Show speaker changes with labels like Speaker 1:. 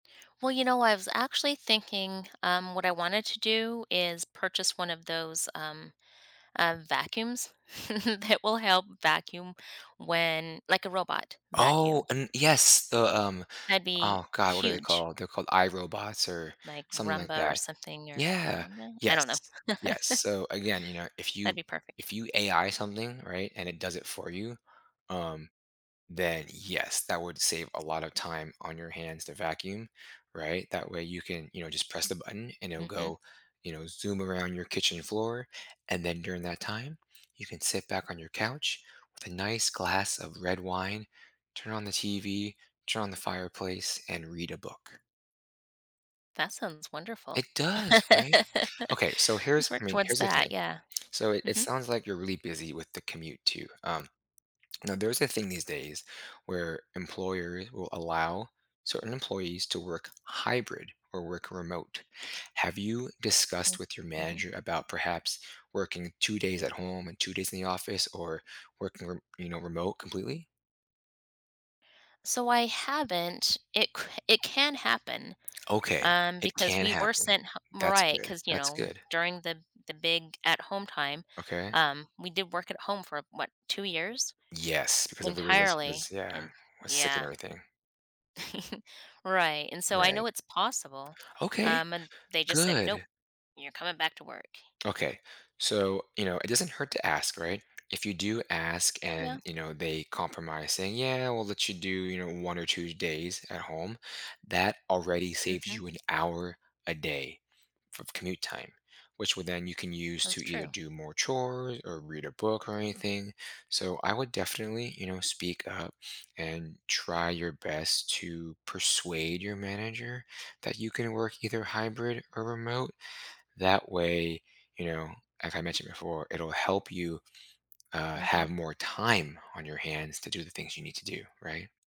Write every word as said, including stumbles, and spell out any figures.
Speaker 1: Well, you know, I was actually thinking, um, what I wanted to do is purchase one of those, um, uh, vacuums that will help vacuum when, like, a robot
Speaker 2: Oh,
Speaker 1: vacuum.
Speaker 2: and yes. The, um,
Speaker 1: That'd be
Speaker 2: oh, god. What are they
Speaker 1: huge.
Speaker 2: called? They're called iRobots or
Speaker 1: Like,
Speaker 2: something like
Speaker 1: Rumba or
Speaker 2: that.
Speaker 1: something or I
Speaker 2: Yeah.
Speaker 1: dont know I don't know.
Speaker 2: Yes. Yes. So, again, you know, if
Speaker 1: That'd
Speaker 2: you
Speaker 1: be perfect.
Speaker 2: if you AI something, right, and it does it for you, um then, yes, that would save a lotta time on your hands to vacuum, right? That way you can, you know, just press the button, and it'll
Speaker 1: Mhm.
Speaker 2: go, you know, zoom around your kitchen floor. And then during that time, you can sit back on your couch with a nice glass of red wine, turn on the TV, turn on the fireplace, and read a book.
Speaker 1: That sounds wonderful.
Speaker 2: It does, right? Okay. So
Speaker 1: Let's
Speaker 2: here's I
Speaker 1: work
Speaker 2: mean,
Speaker 1: towards
Speaker 2: here's the
Speaker 1: that.
Speaker 2: thing.
Speaker 1: Yeah.
Speaker 2: So it it
Speaker 1: Mhm.
Speaker 2: sounds like you're really busy with the commute too. Um, now there's a thing these days where employers will allow certain employees to work hybrid or work remote. Have you discussed
Speaker 1: Mm.
Speaker 2: with your
Speaker 1: Mhm.
Speaker 2: manager about perhaps working two days at home and two days in the office or working rem you know, remote completely?
Speaker 1: So I haven't it c it can happen,
Speaker 2: Okay.
Speaker 1: um,
Speaker 2: It
Speaker 1: because
Speaker 2: can
Speaker 1: we were
Speaker 2: happen.
Speaker 1: sent h mo
Speaker 2: That's
Speaker 1: right,
Speaker 2: good.
Speaker 1: 'cause, you
Speaker 2: That's
Speaker 1: know,
Speaker 2: good.
Speaker 1: during the the big at home time,
Speaker 2: Okay.
Speaker 1: um, we did work at home for, what, two years
Speaker 2: Yes. Because everybody was
Speaker 1: entirely.
Speaker 2: was, yeah,
Speaker 1: And
Speaker 2: was sick and
Speaker 1: yeah.
Speaker 2: everything.
Speaker 1: Right, and so I
Speaker 2: Right.
Speaker 1: know it's possible.
Speaker 2: Okay.
Speaker 1: Um, and they just said, nope.
Speaker 2: Good.
Speaker 1: You're coming back to work. Yeah.
Speaker 2: Okay. So, you know, it doesn't hurt to ask, right? If you do ask and,
Speaker 1: Yeah.
Speaker 2: you know, they compromise saying, yeah. We'll let you do, you know, one or two days at home, that already saves
Speaker 1: Mhm.
Speaker 2: you an hour a day f of commute time, which would then you can use to
Speaker 1: That's
Speaker 2: either
Speaker 1: true.
Speaker 2: do more chores or read a book or anything. So I would definitely, you know, speak up and try your best to persuade your manager that you can work either hybrid or remote. That way, you know, like I mentioned before, it'll help you, uh, have
Speaker 1: Mhm.
Speaker 2: more time on your hands to do the things you need to do, right?